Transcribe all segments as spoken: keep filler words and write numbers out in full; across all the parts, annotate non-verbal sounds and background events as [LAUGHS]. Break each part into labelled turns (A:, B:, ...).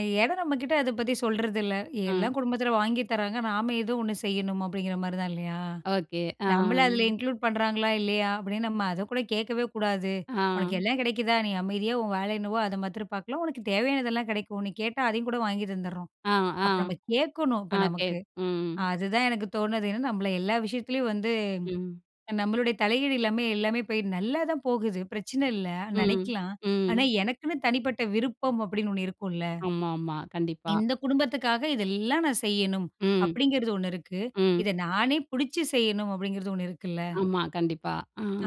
A: ஏனா, நம்ம கிட்ட அத பத்தி சொல்றதில்ல.
B: ம்.
A: எல்லாம் குடும்பத்தில வாங்கித் தராங்க. நாம ஏதோ ஒண்ணு செய்யணும் அப்டிங்கிற மாரி தான் இல்லையா?
B: ஓகே. ஆ.
A: நம்மள அதில இன்க்ளூட் பண்றாங்களா? இல்லையா? அப்படீன்னு நம்ம அதக்கூட கேட்கவே கூடாது. உனக்கு
B: ஆ.
A: எல்லாம் கெடைக்குதா, நீ அமைதியா உன் வேல என்னவோ அத மாத்ரம் பார்க்கலாம். உனக்கு தேவையானதெல்லா கெடைக்கும். நீ கேட்டா அதையும் கூட வாங்கி தந்துடுறோம்.
B: அ,
A: அப்ப நம்ம கேட்கணும். இப்ப
B: அகே
A: நமக்கு,
B: ம்.
A: அதுதான் எனக்கு தோணுது, நம்மள எல்லா விஷயத்துலயும் வந்து
B: ம்.
A: நம்மளுடைய தலையீடு இல்லாம எல்லாமே போய் நல்லா தான் போகுது, பிரச்சன இல்ல
B: ம்,
A: நெனைக்கலாம். ஆனா,
B: ம்.
A: எனக்குன்னு தனிப்பட்ட விருப்பம், அப்படின்னு ஒண்ணு இருக்குல்ல.
B: ஆமாம்மா.
A: [SWALLOWS]
B: கண்டிப்பா.
A: இந்த குடும்பத்துக்காக இதெல்லாம் நான் செய்யணும்.
B: ம்.
A: அப்டிங்கிறது ஒண்ணு இருக்கு.
B: ம்.
A: இத நானே புடிச்சு செய்யணும் அப்டிங்கிறது ஒண்ணு இருக்குல்ல.
B: ஆமா. கண்டிப்பா.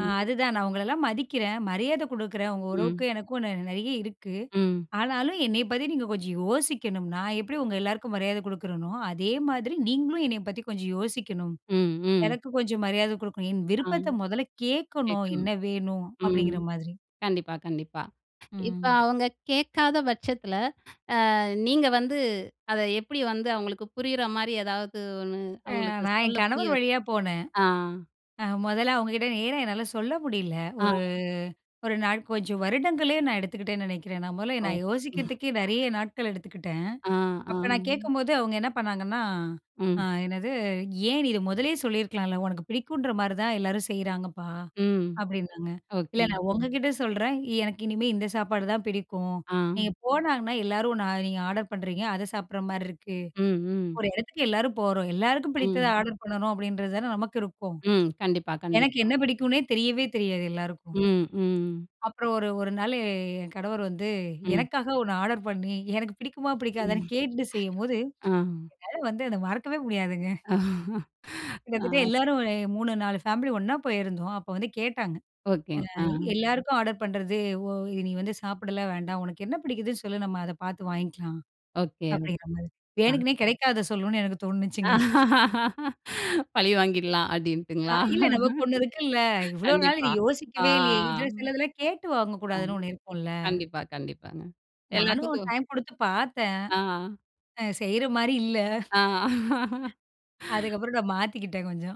A: ஆ,
B: ஆ.
A: அதுதான். நான் உங்களலாம் மதிக்கிறேன். மரியாத குடுக்குறேன். உங்க உறவுக்கு
B: ம்.
A: எனக்கும் நெறைய இருக்கு.
B: ம்.
A: ஆனாலும் என்னைய பத்தி நீங்க கொஞ்சம் யோசிக்கணும். நான் எப்டி உங்க எல்லாருக்கும் மரியாத குடுக்குறேனோ, அதே மாதிரி நீங்களும் என்னைய பத்தி கொஞ்சம் யோசிக்கணும்.
B: ம், ம்.
A: எனக்கு கொஞ்சம் மரியாத குடுக்கணும். என்
B: ஆ.
A: விருப்பத்த மொதல்ல கேட்கணும்.
B: கேட்கணும்.
A: என்ன வேணும்?
B: ம்.
A: அப்டிங்கிற மாதிரி,
B: கண்டிப்பா, கண்டிப்பா. இப்ப
A: ம்.
B: அவங்க கேட்காத பட்சத்தில, ஆ நீங்க வந்து, அத எப்டி வந்து, அவங்களுக்கு புரியிற மாரி ஏதாவது ஒண்ணு?
A: அ
B: அவங்களுக்கு
A: நான்
B: சொல்ல
A: என்
B: புரிய
A: கணவர்
B: வச்சு.
A: வழியா போனேன்.
B: ஆ.
A: அ மொதல்ல அவங்ககிட்ட நேரா என்னால சொல்ல முடியல.
B: ஆ.
A: ஒரு ஒரு நாள் கொஞ்சம் வருடங்களே, நான் எடுத்துக்கிட்டேன்னு நெனைக்கிறேன். நான் மொதல்ல
B: ஓ!
A: நான் யோசிக்கிறதுக்கே
B: [LAUGHS]
A: நெறைய நாட்கள் எடுத்துக்கிட்டேன்.
B: ஆ, ஆ.
A: அப்ப நான் கேட்கும்போது அவங்க என்ன பண்ணாங்கன்னா, அ
B: ம்.
A: என்னது ஏன்? நீ இத மொதல்லயே சொல்லியிருக்கலாம்ல, உனக்கு பிடிக்குங்ற மாரி தான் எல்லாரும் செய்றாங்கப்பா.
B: ம்.
A: அப்டின்னாங்க, இல்ல
B: ஓகே.
A: நான் உங்ககிட்ட சொல்றேன். எனக்கு இனிமே இந்த சாப்பாடு தான் பிடிக்கும்.
B: ஆ.
A: நீங்க போனாங்கன்னா, எல்லாரும் நான் நீங்க ஆர்டர் பண்றீங்க. அத சாப்பிட்ற மாரி இருக்கு.
B: ம், ம்.
A: ஒரு எடத்துக்கு எல்லாரும் போறோம். எல்லாருக்கும் பிடித்தத
B: ம்.
A: ஆர்டர் பண்றோம். அப்படீன்றது தானே நமக்கு இருக்கும்.
B: ம். கண்டிப்பா,
A: எனக்கு
B: கண்டிப்பா.
A: என்ன பிடிக்கும்னே தெரியவே தெரியாது எல்லாருக்கும்.
B: ம், [CLICKS TONGUE] ம்.
A: அப்புறம் ஒரு ஒரு நாள் என் கணவர் வந்து,
B: ம்.
A: எனக்காக ஒண்ணு ஆர்டர் பண்ணி, எனக்கு பிடிக்குமா
B: ம்.
A: பிடிக்காதான்னு கேட்டுட்டு செய்யும்போது.
B: ஆ.
A: என்னால வந்து, அத மறக்கவே முடியாதுங்க.
B: [LAUGHS]
A: கிட்டத்தட்ட,
B: ஆ.
A: எல்லாரும் ஒரு மூணு, நாலு ஃபேமிலி ஒண்ணா போயிருந்தோம் அப்ப வந்து கேட்டாங்க.
B: ஓகேங்.
A: ஆ
B: ஆ.
A: எல்லாருக்கும் ஆர்டர் பண்றது. ஓ நீ வந்து சாப்பிடலாம் வேண்டாம். உனக்கு என்ன பிடிக்குதுன்னு சொல்லு, நம்ம அத பார்த்து வாங்கிக்கலாம்.
B: ஓகே.
A: அப்டிங்கிற மாரி,
B: ஆ.
A: வேணுக்குன்னே கெடைக்காதத சொல்லுனு எனக்கு தோணுச்சுங்க. [CHUCKLES]
B: [LAUGHS] பழி வாங்கிடலாம்
A: அ
B: அப்டின்ட்டுங்களா?
A: இல்ல, நமக்கு ஒண்ணு இருக்குல்ல, இவ்வளோ நாள்
B: கண்டிப்பா. ஆ,
A: யோசிக்கவே இல்லையே, சிலதெல்லாம் கேட்டு
B: ஆ
A: வாங்கக்கூடாதுன்னு ஒண்ணு இருக்கும்ல்ல.
B: கண்டிப்பா, கண்டிப்பாங்க
A: நானும்
B: எல்லாத்துக்கும்
A: டைம் குடுத்து பார்த்தேன்.
B: ஆ.
A: ஆ செய்ற மாரி இல்ல.
B: ஆ. [LAUGHS]
A: [CHUCKLES] அதுக்கப்புறம் நான் மாத்திக்கிட்டே கொஞ்சம்.